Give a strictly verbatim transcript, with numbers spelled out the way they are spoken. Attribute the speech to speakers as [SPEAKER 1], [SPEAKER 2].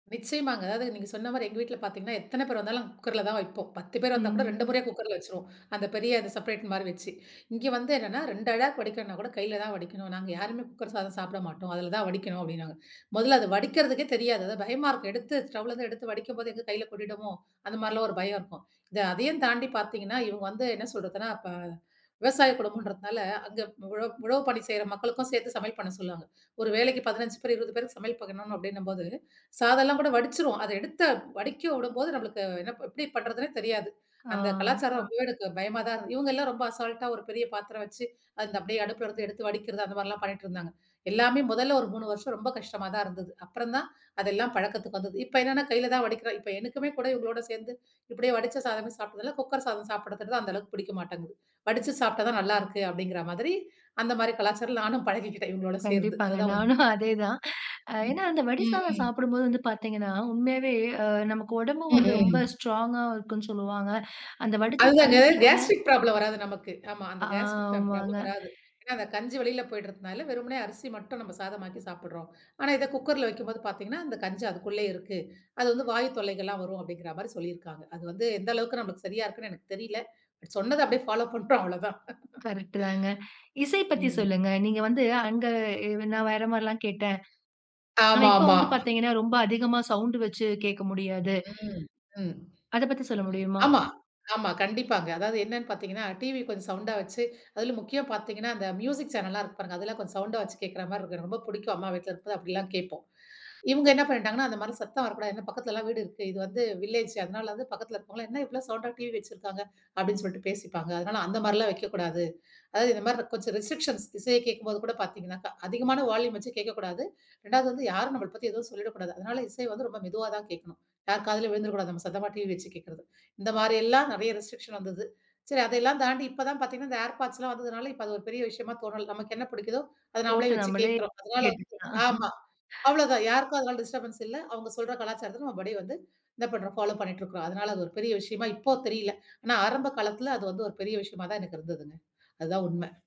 [SPEAKER 1] நிச்சயமாங்க. அதாவது, நீங்க சொன்ன மாரி எங்க வீட்ல பாத்தீங்கன்னா, எத்தன பேர் வந்தாலும் குக்கர்ல தான் வைப்போம். பத்து பேர் வந்தா
[SPEAKER 2] ம்
[SPEAKER 1] கூட ரெண்டு
[SPEAKER 2] ம்.
[SPEAKER 1] முறையா குக்கர்ல வச்சுருவோம். அந்த பெரிய இது செப்ரேட் மாரி வச்சு. இங்கே வந்து என்னான்னா ரெண்டு ஆழாக்கு வடிக்கணும்னா கூட, கையில தான் வடிக்கணும். நாங்க யாருமே குக்கர் சாதம் சாப்பிட மாட்டோம். அதுல தான் வடிக்கணும் அப்டின்னாங்க. மொதல்ல அத வடிக்கிறதுக்கே தெரியாது. அதா பயமா இருக்கும். எடுத்து ஸ்டவ்லேந்து எடுத்து வடிக்கும்போது, எங்க கையில கொட்டிடுமோ? அந்த மாரிலாம் ஒரு பயம் இருக்கும். இத அதையும் தாண்டி பாத்தீங்கன்னா, இவுங்க வந்து என்ன சொல்றதுன்னா, அப்ப விவசாய குடும்பம்ன்றதுனால அங்க உழ உழவு பணி செய்ற மக்களுக்கும் சேர்த்து சமையல் பண்ண சொல்லுவாங்க. ஒரு வேளைக்கு பதினஞ்சு பேர், இருவது பேருக்கு சமையல் பண்ணணும் அப்படின்னம்போது, சாதம்லாம் கூட வடிச்சிருவோம், அத எடுத்த வடிக்க உடும்போது நம்பளுக்கு என்ன ப எப்படி பண்ணுறதுன்னே தெரியாது. அந்த
[SPEAKER 2] ஆ.
[SPEAKER 1] கலாச்சாரம் ரொம்பவே எனக்கு பயமா தான் இரு இவுங்க எல்லாம் ரொம்ப அசால்ட்டா ஒரு பெரிய பாத்திரம் வச்சு, அந்த அப்டியே அடுப்புல இருந்து எடுத்து வடிக்கிறது, அந்த மாரிலாம் பண்ணிட்டுருந்தாங்க. எல்லாமே முதல்ல ஒரு மூணு வருஷம் ரொம்ப கஷ்டமா தான் இருந்தது. அப்புறம் தான் அதெல்லாம் பழக்கத்துக்கு வந்தது. இப்போ என்னான்னா, கையில தான் வடிக்கிறோம், இப்ப எனக்குமே கூட இவங்களோட சேந்து இப்டியே வடிச்ச சாதமே சாப்பிட்டதுல, குக்கர் சாதம் சாப்பிடத்தறது தான் அந்த அளவுக்கு புடிக்க மாட்டேங்குது. வடிச்சு சாப்பிட்டா தான் நல்லாருக்கு அப்படிங்கிற மாதிரி அந்த மாரி கலாச்சாரலாம் நானும் பழகிக்கிட்டேன் இவுக்குங்களோட சேர்ந்து,
[SPEAKER 2] கண்டிப்பாங்க
[SPEAKER 1] அதுதான் உண்மை.
[SPEAKER 2] நானும் அதே தான். அ
[SPEAKER 1] ம்.
[SPEAKER 2] ஏன்னா அந்த வடி
[SPEAKER 1] ம்
[SPEAKER 2] சாதம்
[SPEAKER 1] ம்.
[SPEAKER 2] சாப்பிடும்போது வந்து பாத்தீங்கன்னா, உண்மையாவே அ நமக்கு உடம்பும்
[SPEAKER 1] ம்
[SPEAKER 2] வந்து, ரொம்ப
[SPEAKER 1] ம்.
[SPEAKER 2] ஸ்ட்ராங்கா இருக்கும்ன்னு சொல்லுவாங்க. அந்த வடிசா
[SPEAKER 1] அதுதான்ங்க
[SPEAKER 2] கஞ்சி கூட
[SPEAKER 1] கேஸ்ட்ரிக் ப்ராப்ளம் வராது நமக்கு. ஆமா அந்த கேஸ்ட்ரிக் ப்ராப்ளம்
[SPEAKER 2] ஆமாங்க.
[SPEAKER 1] வராது. ஏன்னா அந்த கஞ்சி வெளில போயிடுறதனால வெறுமனே அரிசி மட்டும் நம்ப சாதமாக்கி சாப்பிடுறோம். ஆனா இத குக்கர்ல வைக்கும்போது பாத்தீங்கன்னா, அந்த கஞ்சி அதுக்குள்ளயே இருக்கு. அது வந்து வாயு தொல்லைகள்லாம் வரும். அப்படிங்கிற மாரி சொல்லியிருக்காங்க. அது வந்து எந்த அளவுக்கு நம்மளுக்கு சரியா இருக்குன்னு எனக்கு தெரியல, பட் சொன்னத அப்படியே பாலோ பண்றோம் அவ்வளதான்.
[SPEAKER 2] கரெக்ட்டுதான்ங்க. இசை பத்தி
[SPEAKER 1] ம்.
[SPEAKER 2] சொல்லுங்க, நீங்க வந்து அங்க அ நான் வேற மாரிலாம் கேட்டேன். ஆனா இப்ப
[SPEAKER 1] ஆமாமா.
[SPEAKER 2] வந்து பாத்தீங்கன்னா, ரொம்ப அதிகமா சவுண்ட் வச்சு கேக்க முடியாது.
[SPEAKER 1] ம் ம்.
[SPEAKER 2] அதை பத்தி சொல்ல முடியுமா?
[SPEAKER 1] ஆமா, ஆமா. கண்டிப்பாங்க. அதாவது என்னான்னு பாத்தீங்கன்னா, டிவி கொஞ்சம் சவுண்ட்டா வச்சு அதிலும் முக்கிய பாத்தீங்கன்னா, அந்த மியூசிக் சேனல்லாம் இருக்கு பாருங்க. அதெல்லாம் கொஞ்சம் சவுண்ட்டா வைச்சு கேக்கிறா மாரி இருக்கும். எனக்கு ரொம்ப புடிக்கும் அம்மா வீட்ல இருக்கும் போது அப்படிலாம் கேப்போம். இவுங்க என்னா பண்ணிட்டாங்கன்னா, அந்த மாரி சத்தம் வரக்கூடாது, ஏன்னா பக்கத்துலலாம் வீடு இருக்கு. இது வந்து வில்லேஜ்ஜு அதனால வந்து பக்கத்தில இருக்கிறவங்கலாம், "என்ன இவ்ளோ சவுண்டா டிவி வச்சிருக்காங்க?" அப்டின்னு சொல்ட்டு பேசிப்பாங்க. அதனால அந்த மாரிலாம் வைக்கக்கூடாது. அதாவது இந்த மாரி கொஞ்சம் ரெஸ்ட்ரிக்க்ஷன்ஸ் இசையை கேக்கும்போது கூட பாத்தீங்கனாக்கா. அதிகமான வால்யூம் வச்சு கேக்கக்கூடாது. ரெண்டாவது வந்து யாரும் நம்மள பத்தி எதுவும் சொல்லிடக்கூடாது. அதனால இசை வந்து ரொம்ப மெதுவா தான் கேக்கணும். யார் காதுலயும் விழுந்துரக்கூடாது, நம்ம சத்தமா டிவி வச்சு கேக்கிறது. இந்த மாரியெல்லாம் நெறையா ரெஸ்ட்ரிக்க்ஷன் வந்தது. சரி அதையெல்லாம் தாண்டி இப்பதான் பாத்தீங்கன்னா, இந்த ஏர்பாட்ஸ்லாம் வந்ததுனால, இப்ப அது ஒரு பெரிய விஷயமா தோணல, நமக்கு என்ன புடிக்குதோ அத நாமளே
[SPEAKER 2] போட்டு
[SPEAKER 1] வச்சு
[SPEAKER 2] நம்மளே
[SPEAKER 1] கேக்கிறோம். அதனால வந்து
[SPEAKER 2] கேட்டுக்கலாம்.
[SPEAKER 1] ஆமா அவ்ளோதான் யாருக்கும் அதனால டிஸ்டர்பன்ஸ் இல்ல. அவுங்க சொல்ற கலாச்சாரத்துக்கும், அப்படியே வந்து, என்னா பண்றோம்? ஃபாலோ பண்ணிட்டு இருக்கிறோம். அதனால அது ஒரு பெரிய விஷயமா இப்போ தெரியல. ஆனா ஆரம்ப காலத்தில, அது வந்து ஒரு பெரிய விஷயமா தான் எனக்கு இருந்ததுங்க, அதுதான் உண்மை.